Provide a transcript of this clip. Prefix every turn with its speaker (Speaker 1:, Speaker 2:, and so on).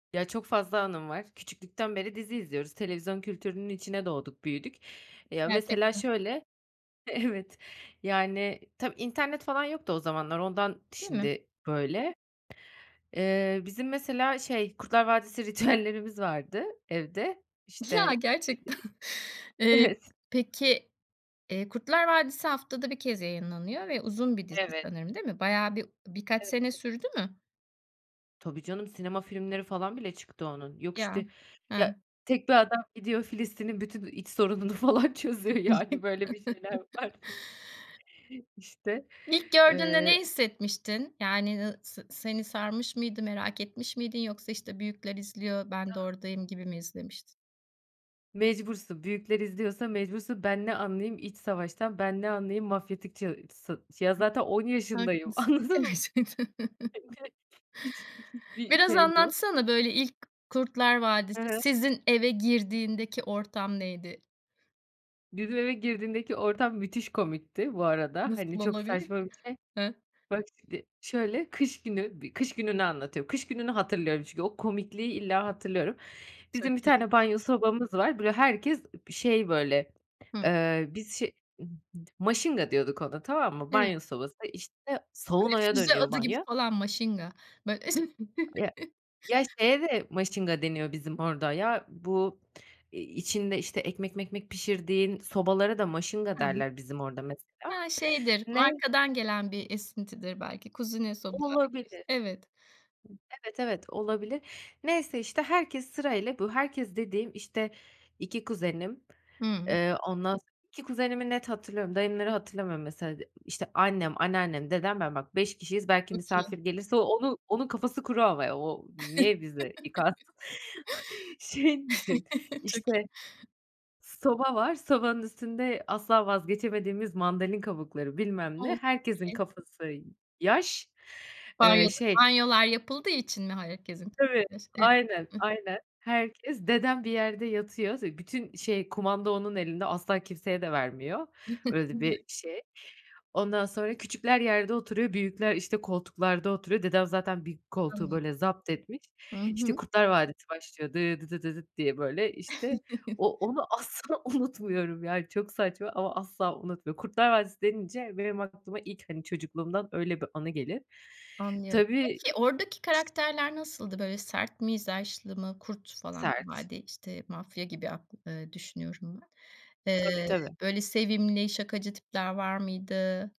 Speaker 1: Ya, çok fazla anım var. Küçüklükten beri dizi izliyoruz. Televizyon kültürünün içine doğduk büyüdük, ya, mesela
Speaker 2: Gerçekten.
Speaker 1: şöyle, evet, yani, tabii internet falan yoktu o zamanlar ondan
Speaker 2: Değil mi?
Speaker 1: şimdi böyle. Eee, bizim mesela şey, Kurtlar Vadisi ritüellerimiz vardı evde, işte,
Speaker 2: Ya, gerçekten.
Speaker 1: eee,
Speaker 2: Eee,
Speaker 1: evet.
Speaker 2: peki, eee, Kurtlar Vadisi haftada 1 kez yayınlanıyor ve uzun bir dizi
Speaker 1: Evet.
Speaker 2: sanırım değil mi? Bayağı bir birkaç
Speaker 1: Evet,
Speaker 2: sene
Speaker 1: evet.
Speaker 2: sürdü mü?
Speaker 1: Tabii canım, sinema filmleri falan bile çıktı onun. Yok
Speaker 2: Ya.
Speaker 1: işte,
Speaker 2: Hı.
Speaker 1: ya tek bir adam gidiyor Filistin'in bütün, iii, iç sorununu falan çözüyor. Yani böyle bir şeyler var. İşte,
Speaker 2: İlk gördüğünde
Speaker 1: eee
Speaker 2: ne hissetmiştin? Yani, ııı, s seni sarmış mıydı, merak etmiş miydin yoksa işte büyükler izliyor, ben de
Speaker 1: [unintelligible]
Speaker 2: oradayım gibi mi izlemiştin?
Speaker 1: Mecbursun, büyükler izliyorsa mecbursun. Ben ne anlayayım iç savaştan, ben ne anlayayım mafyatik ca sı ya zaten 10 yaşındayım
Speaker 2: Haklısın.
Speaker 1: anladın mı
Speaker 2: Gerçekten.
Speaker 1: [unintelligible] hiç hiçbir
Speaker 2: Biraz
Speaker 1: şey yok.
Speaker 2: anlatsana, böyle ilk Kurtlar
Speaker 1: He
Speaker 2: Vadisi
Speaker 1: he.
Speaker 2: sizin eve girdiğindeki ortam neydi?
Speaker 1: Bizim eve girdiğindeki ortam müthiş komikti bu arada, hani,
Speaker 2: Nasıl
Speaker 1: çok
Speaker 2: olabilir
Speaker 1: saçma
Speaker 2: ki?
Speaker 1: bir şey.
Speaker 2: Hıh.
Speaker 1: Bak şimdi şöyle kış günü, bir kış gününü anlatıyorum. Kış gününü hatırlıyorum çünkü o komikliği illa hatırlıyorum. Bizim bir
Speaker 2: Çok iyi.
Speaker 1: tane banyo sobamız var. Böyle herkes ıb şey böyle,
Speaker 2: Hıh.
Speaker 1: eee, biz şe ıb d maşingadiyorduk ona tamam mı?
Speaker 2: [unintelligible]
Speaker 1: Banyo sobası, işte,
Speaker 2: Böyle
Speaker 1: saunaya
Speaker 2: füze
Speaker 1: dönüyor
Speaker 2: adı gibi
Speaker 1: banyo.
Speaker 2: falan maşinga. Böy
Speaker 1: Ya, ya, şeye de maşinga deniyor bizim orada ya bu i içinde işte ekmek mekmek pişirdiğin sobalara da maşinga
Speaker 2: [unintelligible]
Speaker 1: derler bizim orada mesela.
Speaker 2: Ha, şeydir
Speaker 1: Ne
Speaker 2: markadan gelen bir esintidir belki, kuzine sobalar gibi
Speaker 1: Olabilir.
Speaker 2: işte, evet.
Speaker 1: Evet, evet, olabilir. Neyse işte, herkes sırayla, bu herkes dediğim, işte, 2 kuzenim,
Speaker 2: Hımm.
Speaker 1: eee, ondan s 2 kuzenimi net hatırlıyorum, dayımları hatırlamıyorum mesela. De işte annem, anneannem, dedem, ben bak 5 kişiyiz, belki
Speaker 2: Çok iyi.
Speaker 1: misafir gelirse o onu onun kafası kuru ama ya, o niye bizde yıkansın? Şey düşün,
Speaker 2: Çok
Speaker 1: işte
Speaker 2: iyi.
Speaker 1: soba var, sobanın üstünde asla vazgeçemediğimiz mandalina kabukları bilmem ne,
Speaker 2: O! Çok
Speaker 1: herkesin
Speaker 2: iyi.
Speaker 1: kafası y yaş, eee,
Speaker 2: Banyoda
Speaker 1: şey
Speaker 2: banyolar yapıldığı için mi herkesin
Speaker 1: Tabii, aynen,
Speaker 2: [unintelligible]
Speaker 1: aynen, herkes, dedem bir yerde yatıyor, ze bütün şey, kumanda onun elinde asla kimseye de vermiyor. Öyle de bir şey. Ondan sonra küçükler yerde oturuyor büyükler işte koltuklarda oturuyor. Dedem zaten bir koltuğu
Speaker 2: Anladım.
Speaker 1: böyle zaptetmiş.
Speaker 2: Hı
Speaker 1: işte
Speaker 2: hı.
Speaker 1: Kurtlar Vadisi başlıyor dı dıdı dı dıt diye böyle, işte, o onu asla unutmuyorum yani çok saçma ama asla unutmuyorum. Kurtlar Vadisi denince benim aklıma ilk, hani, çocukluğumdan öyle bir anı gelir.
Speaker 2: Anlıyorum.
Speaker 1: Tabii
Speaker 2: Peki oradaki karakterler nasıldı? Böyle sert mizaçlı mı, kurt falan,
Speaker 1: Sert.
Speaker 2: vadi işte mafya gibi ak ııı, düşünüyorum ben.
Speaker 1: Tabii
Speaker 2: Eee,
Speaker 1: tabii.
Speaker 2: böyle sevimli, şakacı tipler var mıydı?